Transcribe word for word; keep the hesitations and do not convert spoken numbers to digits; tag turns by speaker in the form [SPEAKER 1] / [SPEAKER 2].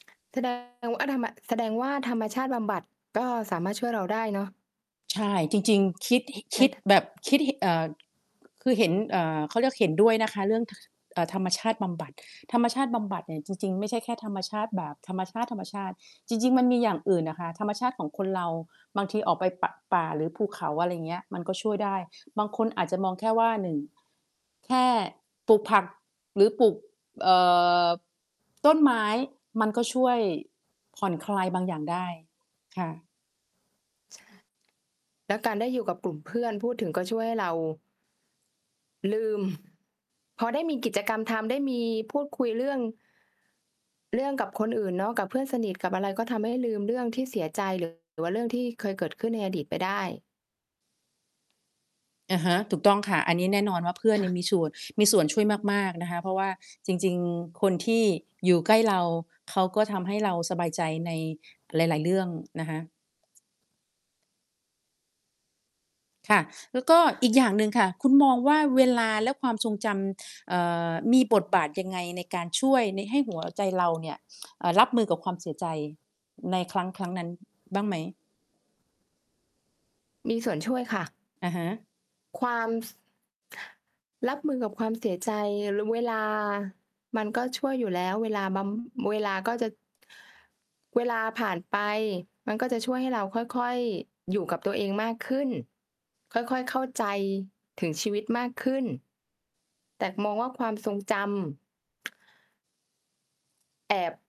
[SPEAKER 1] แสดงว่า ทำ ม แสดงว่าธรรมชาติ บำบัด ก็สามารถช่วยเราได้เนาะ
[SPEAKER 2] ใช่ จริง ๆ คิด ห ค
[SPEAKER 1] ได้
[SPEAKER 2] ิด
[SPEAKER 1] ถ
[SPEAKER 2] แบบคิด ห เอ่อ คือเห็น เอ่อ เขาเรียกเห็นด้วยนะคะเรื่อง ค เอ่อ ธรรมชาติบำบัด ธรรมชาติบำบัดเนี่ยจริง ๆ ไม่ใช่แค่ธรรมชาติแบบธรรมชาติ ๆ จริง ๆ มันมีอย่างอื่นอะค่ะ ธรรมชาติของคนเราบางทีออกไป ป ป่าหรือภูเขา อะไรอย่างเงี้ย มันก็ช่วยได้บางคนอาจจะมองแค่ว่า หนึ่ง แค่ปลูกผักหรือปลูก เอ่อ ต้นไม้ มันก็ช่วยผ่อนคลายบางอย่างได้ ค่ะ
[SPEAKER 1] และการได้อยู่กับกลุ่มเพื่อนพูดถึงก็ช่วยให้เรา ลืม พอได้มีกิจกรรมทำได้มีพูดคุยเรื่อง เรื่องกับคนอื่นเนาะ กับเพื่อนสนิทกับอะไร ก็ทำให้ลืมเรื่องที่เสียใจ หรือ ว่า เรื่องที่เคยเกิดขึ้นในอดีตไปได้
[SPEAKER 2] อ่าฮะ ถูกต้องค่ะ อันนี้แน่นอนว่าเพื่อน
[SPEAKER 1] ค
[SPEAKER 2] เ
[SPEAKER 1] ่
[SPEAKER 2] นี่
[SPEAKER 1] ะ
[SPEAKER 2] ยมีส่วน มีส่วนช่วยมาก ๆ นะคะ เพราะว่าจริง ๆ คนที่อยู่ ใกล้เรา เขาก็ทำให้ เราสบายใจในหลาย ๆ เรื่องนะคะ ค่ะ แล้วก็อีกอย่างหนึ่งค่ะ คุณมองว่าเวลาและความทรงจำ เอ่อ มีบทบาทยังไงในการช่วย น ให้ หัวใจเราเนี่ย เอ่อ รับมือกับความเสียใจในครั้ง ครั้งนั้นบ้างไหม?
[SPEAKER 1] มีส่วนช่วยค่ะ
[SPEAKER 2] อะฮะ
[SPEAKER 1] ความ ส รับมือกับความเสียใจ ร เวลามันก็ช่วยอยู่แล้ว เวลาบำ เวลาก็จะ เวลาผ่านไปมันก็จะช่วยให้เราค่อย ๆ อยู่กับตัวเองมากขึ้น ค่อย ๆ เข้าใจถึงชีวิตมากขึ้น แต่มองว่าความทรงจำ แอบ